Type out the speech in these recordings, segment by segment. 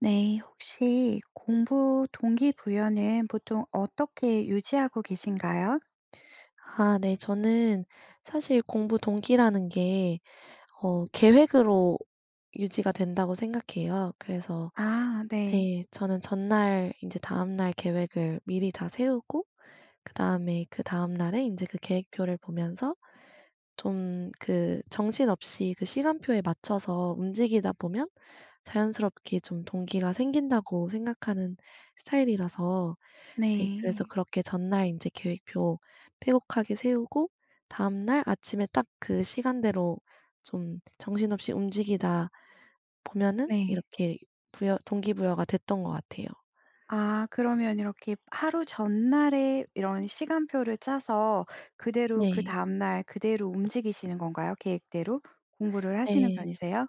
네. 혹시 공부 동기부여는 보통 어떻게 유지하고 계신가요? 아 네 저는 사실 공부 동기라는 게 어 계획으로 유지가 된다고 생각해요. 그래서 아 네. 네 저는 전날 인제 다음날 계획을 미리 다 세우고 그다음에 그다음 날에 인제 그 계획표를 보면서 좀 그 정신없이 그 시간표에 맞춰서 움직이다 보면 자연스럽게 좀 동기가 생긴다고 생각하는 스타일이라서 네 그래서 네. 그렇게 전날 인제 계획표 빼곡하게 세우고 다음 날 아침에 딱 그 시간대로 좀 정신없이 움직이다 보면은 네. 이렇게 부여 동기부여가 됐던 것 같아요. 아 그러면 이렇게 하루 전날에 이런 시간표를 짜서 그대로 그 네. 다음 날 그대로 움직이시는 건가요 계획대로? 공부를 하시는 네. 편이세요?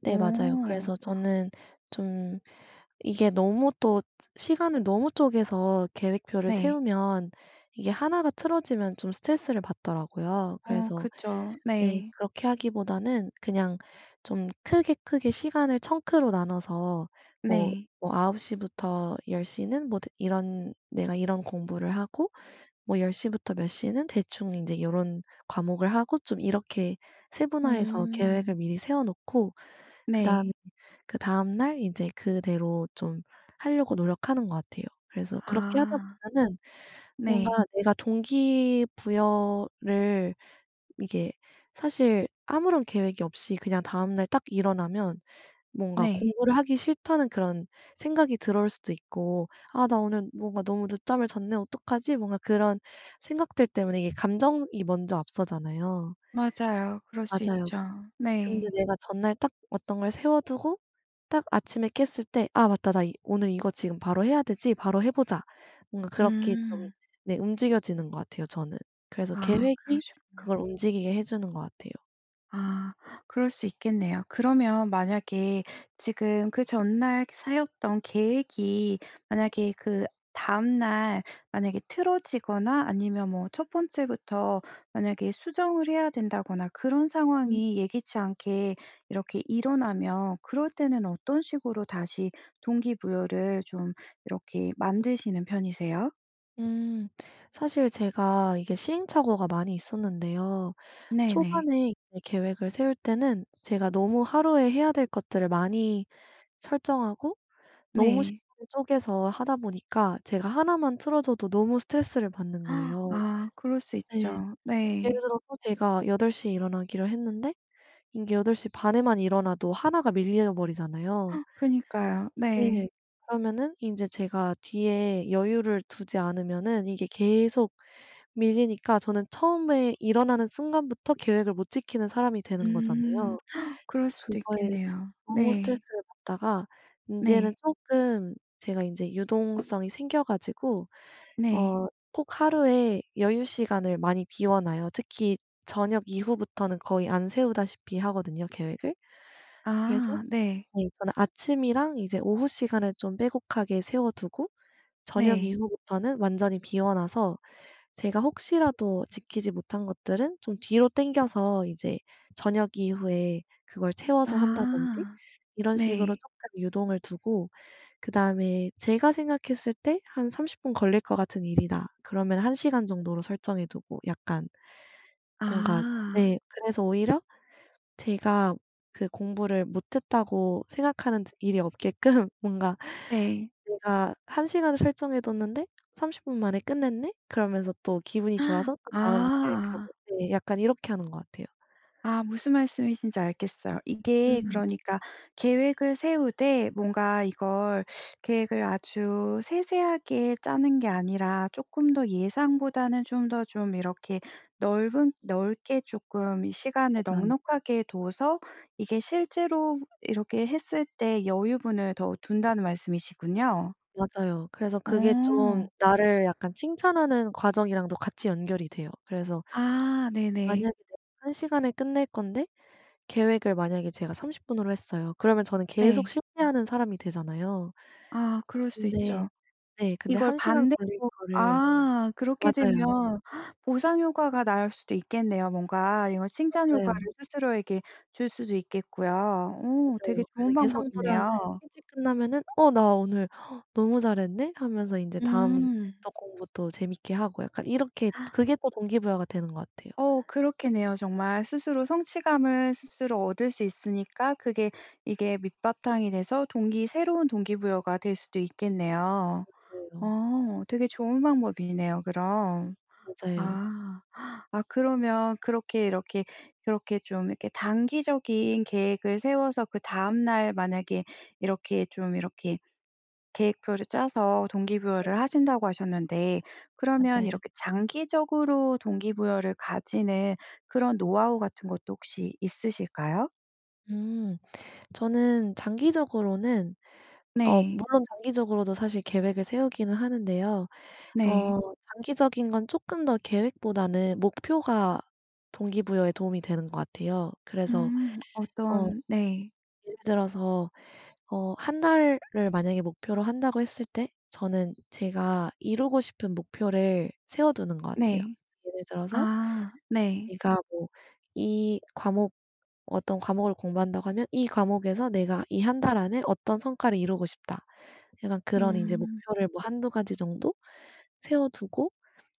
네 맞아요. 오. 그래서 저는 좀 이게 너무 또 시간을 너무 쪼개서 계획표를 네. 세우면 이게 1 가 틀어지면 좀 스트레스를 받더라고요. 어 그래서 그쵸. 네 네. 그렇게 하기보다는 그냥 좀 크게, 크게 시간을 청크로 나눠서 뭐 네. 뭐 9:00 부터 10:00 는 뭐 드 이런 내가 이런 공부를 하고 뭐 10:00 부터 몇 시는 대충 인제 요런 과목을 하고 좀 이렇게 세분화해서 계획을 음. 미리 세워 놓고 그다음 네. 그다음 날 인제 그대로 좀 하려고 노력하는 것 같아요. 그래서 그렇게 하다 아. 보면은 뭔가 네. 내가 동기 부여를 이게 사실 아무런 계획이 없이 그냥 다음 날 딱 일어나면 뭔가 네. 공부를 하기 싫다는 그런 생각이 들어올 수도 있고 '아 나 오늘 뭔가 너무 늦잠을 잤네? 어떡하지?' 뭔가 그런 생각들 때문에 이게 감정이 먼저 앞서잖아요. 맞아요. 그럴 수 맞아요. 있죠. 근데 네. 내가 전날 딱 어떤 걸 세워두고 딱 아침에 깼을 때 '아 맞다 나 이 오늘 이거 지금 바로 해야 되지. 바로 해보자.' 뭔가 그렇게 좀 음. 네 움직여지는 것 같아요 저는. 그래서 아 계획이 그러시군요. 그걸 움직이게 해주는 것 같아요. 아 그럴 수 있겠네요. 그러면 만약에 지금 그 전날 세웠던 계획이 만약에 그다음 날 만약에 틀어지거나 아니면 뭐 첫 번째부터 만약에 수정을 해야 된다거나 그런 음. 상황이 예기치 않게 이렇게 일어나면 그럴 때는 어떤 식으로 다시 동기부여를 좀 이렇게 만드시는 편이세요? 음. 사실 제가 이게 시행착오가 많이 있었는데요 네네. 초반에 이제 계획을 세울 때는 제가 너무 하루에 해야 될 것들을 많이 설정하고 너무 네. 시간을 쪼개서 하다 보니까 제가 1 만 틀어져도 너무 스트레스를 받는 거예요. 아 그럴 수 네. 있죠. 예를 네. 들어서 제가 8:00 에 일어나기로 했는데 이게 8:30 에만 일어나도 1 가 밀려버리잖아요. 그니까요. 네. 네. 그러면은 인제 제가 뒤에 여유를 두지 않으면은 이게 계속 밀리니까 저는 처음에 일어나는 순간부터 계획을 못 지키는 사람이 되는 음. 거잖아요. 그럴 수도 그거에 있겠네요. 너무 네. 스트레스를 받다가 인제는 네. 쪼끔 제가 인제 유동성이 생겨 가지고 네. 어 꼭 하루에 여유 시간을 많이 비워 놔요. 특히 저녁 이후부터는 거의 안 세우다시피 하거든요 계획을. 그래서 아 네. 네 저는 아침이랑 이제 오후 시간을 좀 빼곡하게 세워두고 저녁 네. 이후부터는 완전히 비워 놔서 제가 혹시라도 지키지 못한 것들은 좀 뒤로 당겨서 이제 저녁 이후에 그걸 채워서 한다든지 아. 이런 식으로 네. 쪼끔 유동을 두고 그다음에 제가 생각했을 때 '한 30 분 걸릴 것 같은 일이다.' 그러면 1 시간 정도로 설정해 두고 약간 뭔가 아. 네 그래서 오히려 제가 그 공부를 못했다고 생각하는 일이 없게끔 뭔가 네. '내가 1 시간을 설정해뒀는데 30 분 만에 끝냈네.' 그러면서 또 기분이 좋아서 또 다음 아. 계획하고 네 약간 이렇게 하는 것 같아요 아 무슨 말씀이신지 알겠어요. 이게 음. 그러니까 계획을 세우되 뭔가 이걸 계획을 아주 세세하게 짜는 게 아니라 쪼끔 더 예상보다는 좀 더 좀 이렇게 넓은 넓게 쪼끔 시간을 맞아요. 넉넉하게 둬서 이게 실제로 이렇게 했을 때 여유분을 더 둔다는 말씀이시군요. 맞아요. 그래서 그게 좀 어. 나를 약간 칭찬하는 과정이랑도 같이 연결이 돼요. 그래서 아 네네. 만약에 이제 1 시간에 끝낼 건데 계획을 만약에 제가 30 분으로 했어요. 그러면 저는 계속 네. 실패하는 사람이 되잖아요. 아 그럴 수 근데 있죠. 네 근데 이걸 1 시간 반대로 걸릴 거를 아 그렇게 맞아요. 되면 보상 효과가 날 수도 있겠네요 뭔가. 이런 칭찬 효과를 맞아요. 스스로에게 줄 수도 있겠고요. 오 되게 맞아요. 그래서 좋은 예상보다 방법이네요. 일찍 끝나면은 '어 나 오늘 너무 잘했네.' 하면서 인제 다음 음. 또 공부도 재밌게 하고 약간 이렇게 그게 또 동기부여가 되는 것 같아요. 어 그렇겠네요 정말. 스스로 성취감을 스스로 얻을 수 있으니까 그게 이게 밑바탕이 돼서 동기 새로운 동기부여가 될 수도 있겠네요. 맞아요. 어 되게 좋은 방법이네요 그럼. 맞아요. 아. 아 그러면 그렇게 이렇게 그렇게 좀 이렇게 단기적인 계획을 세워서 그다음 날 만약에 이렇게 좀 이렇게 계획표를 짜서 [unintelligible] 동기부여를 하신다고 하셨는데 그러면 맞아요. 이렇게 장기적으로 동기부여를 가지는 그런 노하우 같은 것도 혹시 있으실까요? 음. 저는 장기적으로는 어 네. 물론 장기적으로도 사실 계획을 세우기는 하는데요 네. 어 장기적인 건 쪼끔 더 계획보다는 목표가 동기부여에 도움이 되는 것 같아요. 그래서 음 어 어떤 네. 예를 들어서 어 1 달을 만약에 목표로 한다고 했을 때 저는 제가 이루고 싶은 목표를 세워두는 것 같아요. 네. 예를 들어서 아 네. 내가 뭐 이 과목 어떤 과목을 공부한다고 하면 '이 과목에서 내가 이 1 달 안에 어떤 성과를 이루고 싶다.' 약간 그런 인제 음. 목표를 뭐 1-2 가지 정도 세워두고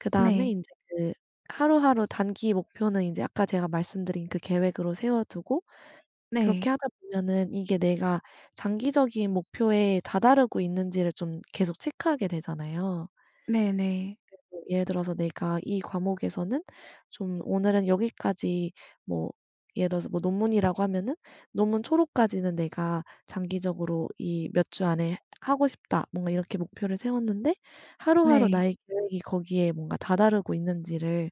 그다음에 네. 인제 그 하루하루 단기 목표는 인제 아까 제가 말씀드린 그 계획으로 세워두고 그렇게 네. 하다 보면은 이게 내가 장기적인 목표에 다다르고 있는지를 좀 계속 체크하게 되잖아요. 네네. [unintelligible] 예를 들어서 내가 이 과목에서는 좀 오늘은 여기까지 뭐 예를 들어서 뭐 논문이라고 하면은 '논문 초록까지는 내가 장기적으로 이 몇 주 안에 하고 싶다.' 뭔가 이렇게 목표를 세웠는데 하루하루 네. 나의 계획이 거기에 뭔가 다다르고 있는지를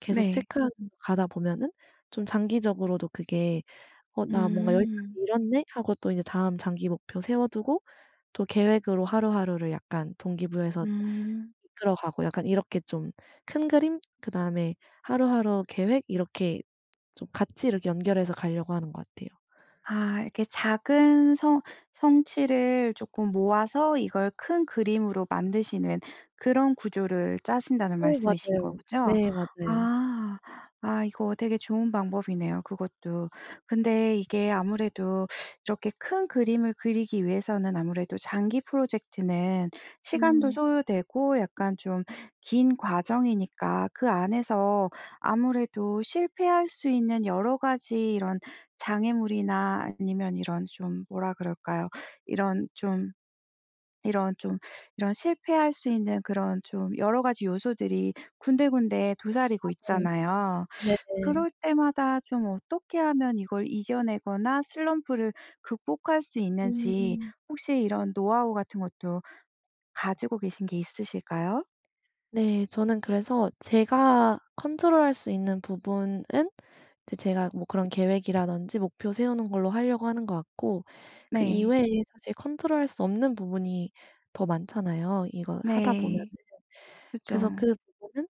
계속 네. 체크하면서 가다 보면은 좀 장기적으로도 그게 '어 나 뭔가 여기까지 음. 이뤘네.' 하고 또 다음 장기 목표 세워두고 또 계획으로 하루하루를 약간 동기 부여해서 음. 들어가고 약간 이렇게 좀 큰 그림 그다음에 하루하루 계획 이렇게 좀 같이 이렇게 연결해서 가려고 하는 것 같아요. 아 이렇게 작은 성 성취를 쪼끔 모아서 이걸 큰 그림으로 만드시는 그런 구조를 짜신다는 어 말씀이신 맞아요. 거죠? 네 맞아요. 아. 아 이거 되게 좋은 방법이네요 그것도. 근데 이게 아무래도 이렇게 큰 그림을 그리기 위해서는 아무래도 장기 프로젝트는 시간도 음. 소요되고 약간 좀 긴 과정이니까 그 안에서 아무래도 실패할 수 있는 여러 가지 이런 장애물이나 아니면 이런 좀 뭐라 그럴까요. 이런 좀 이런 좀 이런 실패할 수 있는 그런 좀 여러 가지 요소들이 군데군데 도사리고 맞아요. 있잖아요. 네네. 그럴 때마다 좀 어떻게 하면 이걸 이겨내거나 슬럼프를 극복할 수 있는지 음. 혹시 이런 노하우 같은 것도 가지고 계신 게 있으실까요? 네. 저는 그래서 제가 컨트롤할 수 있는 부분은 이제 제가 뭐 그런 계획이라든지 목표 세우는 걸로 할려고 하는 것 같고 그 네. 이외에 사실 컨트롤할 수 없는 부분이 더 많잖아요 이걸 하다 보면은. 네. 그래서 그쵸. 그 부분은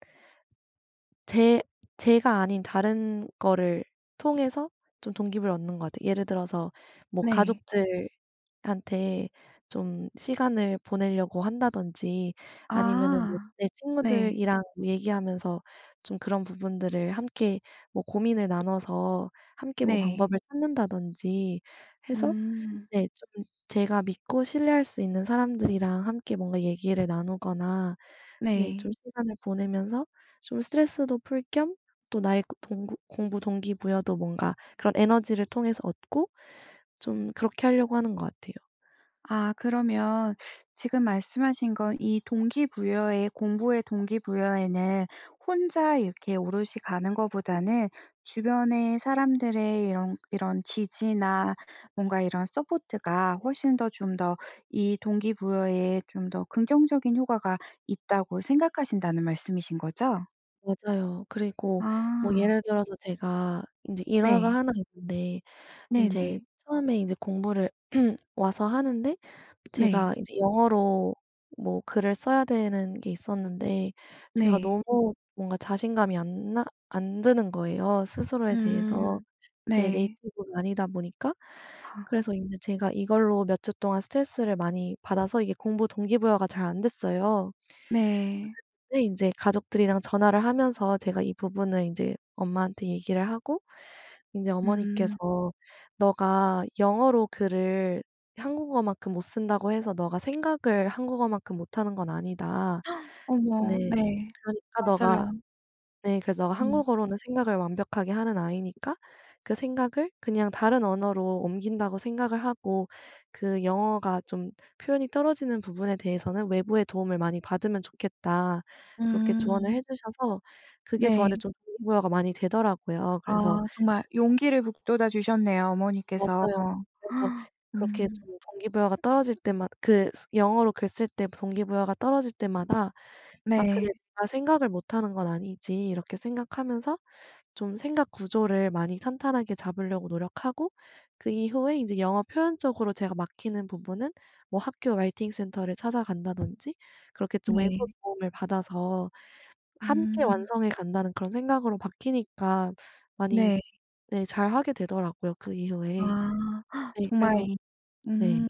제 제가 아닌 다른 거를 통해서 좀 동기부여를 얻는 것 같아요. 예를 들어서 뭐 네. 가족들한테 좀 시간을 보낼려고 한다든지 아니면은 뭐 아. 내 네. 친구들이랑 얘기하면서 좀 그런 부분들을 함께 뭐 고민을 나눠서 함께 뭐 네. 방법을 찾는다든지 해서 음. 네 쪼끔 제가 믿고 신뢰할 수 있는 사람들이랑 함께 뭔가 얘기를 나누거나 네 네. 좀 시간을 보내면서 좀 스트레스도 풀 겸 또 나의 동구 공부 동기부여도 뭔가 그런 에너지를 통해서 얻고 좀 그렇게 할려고 하는 것 같아요. 아 그러면 지금 말씀하신 건 이 동기부여에 공부에 동기부여에는 혼자 이렇게 오롯이 가는 거보다는 주변에 사람들의 이런 이런 지지나 뭔가 이런 서포트가 훨씬 더 좀 더 이 동기부여에 좀 더 긍정적인 효과가 있다고 생각하신다는 말씀이신 거죠? 맞아요. 그리고 뭐 아. 예를 들어서 제가 인제 일화가 네. 1 있는데 인제 네네. 처음에 인제 공부를 와서 하는데 네. 제가 이제 영어로 뭐 글을 써야 되는 게 있었는데 제가 네. 너무 뭔가 자신감이 안나 안 드는 거예요 스스로에 대해서. 음. 제 네. 네이티브도 아니다 보니까. 아. 그래서 인제 제가 이걸로 몇 주 동안 스트레스를 많이 받아서 이게 공부 동기부여가 잘 안됐어요. 네. 그랬는데 인제 가족들이랑 전화를 하면서 제가 이 부분을 인제 엄마한테 얘기를 하고 인제 음. 어머니께서 "너가 영어로 글을 한국어만큼 못 쓴다고 해서 너가 생각을 한국어만큼 못 하는 건 아니다." 어머. 네. 네. "그러니까 너가" 맞아요. 네. "그래서 너가 음. 한국어로는 생각을 완벽하게 하는 아이니까 그 생각을 그냥 다른 언어로 옮긴다고 생각을 하고 그 영어가 좀 표현이 떨어지는 부분에 대해서는 외부의 도움을 많이 받으면 좋겠다." 그렇게 조언을 음. 해주셔서 그게 저한테 네. 좀 동기부여가 많이 되더라고요. 그래서 아 정말 용기를 북돋아 주셨네요, 어머니께서. 맞아요. 그래서 그렇게 음. 좀 동기부여가 떨어질 때마다 그 영어로 글 쓸 때 동기부여가 떨어질 때마다 '아 그래 네. 내가 생각을 못하는 건 아니지.' 이렇게 생각하면서 좀 생각 구조를 많이 탄탄하게 잡을려고 노력하고 그 이후에 인제 영어 표현적으로 제가 막히는 부분은 뭐 학교 라이팅 센터를 찾아간다든지 그렇게 좀 외부 네. 도움을 받아서 함께 음. 완성해 간다는 그런 생각으로 바뀌니까 많이 네. 네 잘하게 되더라고요 그 이후에. 아. 네 정말 그래서 이 네. 음.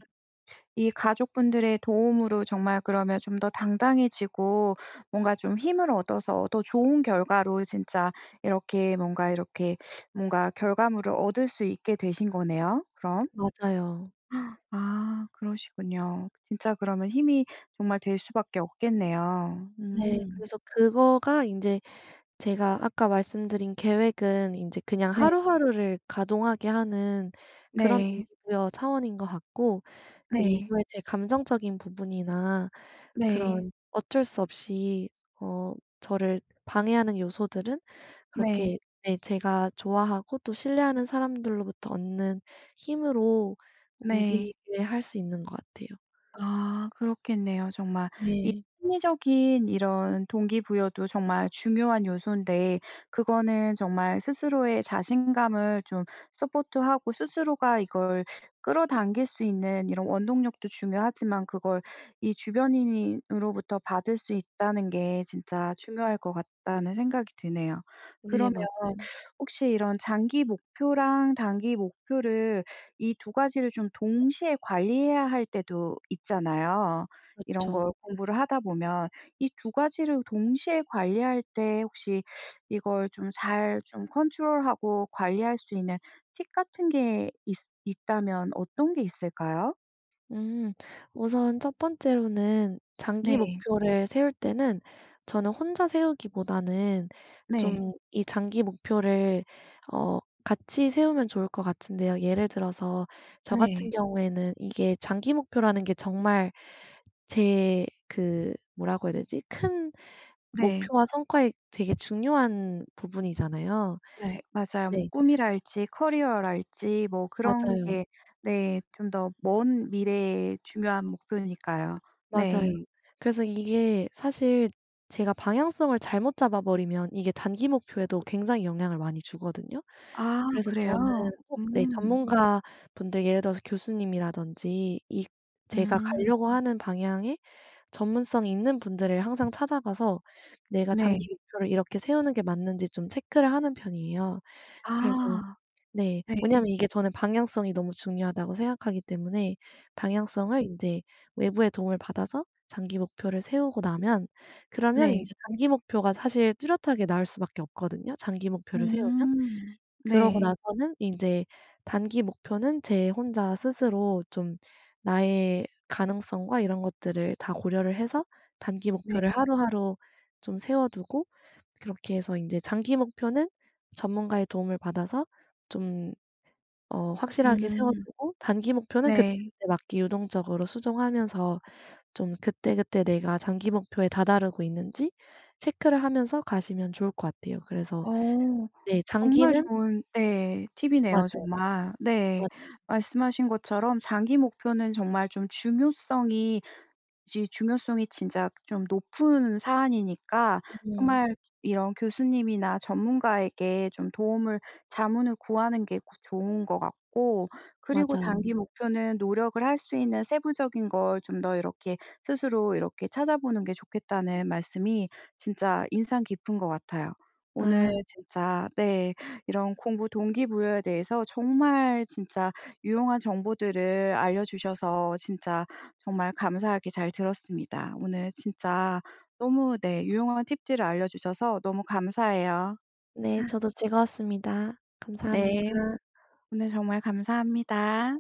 이 가족분들의 도움으로 정말 그러면 좀 더 당당해지고 뭔가 좀 힘을 얻어서 더 좋은 결과로 진짜 이렇게 뭔가 이렇게 뭔가 결과물을 얻을 수 있게 되신 거네요 그럼. 맞아요. 아 그러시군요. 진짜 그러면 힘이 정말 될 수밖에 없겠네요. 네. 음. 그래서 그거가 인제 제가 아까 말씀드린 계획은 인제 그냥 네. 하루하루를 가동하게 하는 그런 네. 동기부여 차원인 것 같고 그 네. 이후에 제 감정적인 부분이나 네. 그런 어쩔 수 없이 어 저를 방해하는 요소들은 네. 그렇게 네 제가 좋아하고 또 신뢰하는 사람들로부터 얻는 힘으로 네. 움직이게 할 수 있는 것 같아요. 아 그렇겠네요 정말. 이 네. 심리적인 이런 동기부여도 정말 중요한 요소인데 그거는 정말 스스로의 자신감을 좀 서포트하고 스스로가 이걸 끌어당길 수 있는 이런 원동력도 중요하지만 그걸 이 주변인이 으로부터 받을 수 있다는 게 진짜 중요할 것 같다는 생각이 드네요. 네 그러면 맞아요. 혹시 이런 장기 목표랑 단기 목표를 이 2 가지를 좀 동시에 관리해야 할 때도 있잖아요, 이런 그렇죠. 걸 공부를 하다 보면. 이 두 가지를 동시에 관리할 때 혹시 이걸 좀 잘 좀 컨트롤하고 관리할 수 있는 팁 같은 게 있으 있다면 어떤 게 있을까요? 음. 우선 1 번째로는 장기 네. 목표를 세울 때는 저는 혼자 세우기보다는 네. 좀 이 장기 목표를 어 같이 세우면 좋을 것 같은데요 예를 들어서 저 같은 네. 경우에는 이게 장기 목표라는 게 정말 제 그 뭐라고 해야 되지 큰 네. 목표와 성과에 되게 중요한 부분이잖아요. 네 맞아요. 뭐 네. 꿈이랄지 커리어랄지 뭐 그런 맞아요. 게 네 좀 더 먼 미래에 중요한 목표니까요. 맞아요. 네. 그래서 이게 사실 제가 방향성을 잘못 잡아버리면 이게 단기 목표에도 굉장히 영향을 많이 주거든요. 아 그래서 저는 그래요? 꼭 네 음. 전문가분들 예를 들어서 교수님이라든지 이 제가 음. 가려고 하는 방향에 전문성이 있는 분들을 항상 찾아가서 내가 네. 장기 목표를 이렇게 세우는 게 맞는지 좀 체크를 하는 편이에요. 그래서 아. 네 네. 왜냐하면 이게 저는 방향성이 너무 중요하다고 생각하기 때문에 아. 방향성을 인제 외부의 도움을 받아서 장기 목표를 세우고 나면 그러면 네. 인제 단기 목표가 사실 뚜렷하게 나올 수밖에 없거든요 장기 목표를 세우면. 음. 그러고 네. 나서는 인제 단기 목표는 제 혼자 스스로 좀 나의 가능성과 이런 것들을 다 고려를 해서 단기 목표를 네. 하루하루 좀 세워 두고 그렇게 해서 인제 장기 목표는 전문가의 도움을 받아서 좀 어 확실하게 세워 음. 두고 단기 목표는 네. 그때그때 막 유동적으로 수정하면서 좀 그때그때 내가 장기 목표에 다다르고 있는지 체크를 하면서 가시면 좋을 것 같아요. 그래서 어. 네 정말 장기는 좋은 네 팁이네요 맞아요. 정말. 네. 맞아요. 말씀하신 것처럼 장기 목표는 정말 좀 중요성이 이제 중요성이 진짜 좀 높은 사안이니까 음. 정말 이런 교수님이나 전문가에게 좀 도움을 자문을 구하는 게 구 좋은 것 같고 그리고 맞아요. 단기 목표는 노력을 할 수 있는 세부적인 걸 좀 더 이렇게 스스로 이렇게 찾아보는 게 좋겠다는 말씀이 진짜 인상 깊은 것 같아요. 오늘 아. 진짜 네 이런 공부 동기부여에 대해서 정말 진짜 유용한 정보들을 알려주셔서 진짜 정말 감사하게 잘 들었습니다. 오늘 진짜 너무 네 유용한 팁들을 알려주셔서 너무 감사해요. 네 저도 즐거웠습니다. 네. 감사합니다. 오늘 정말 감사합니다.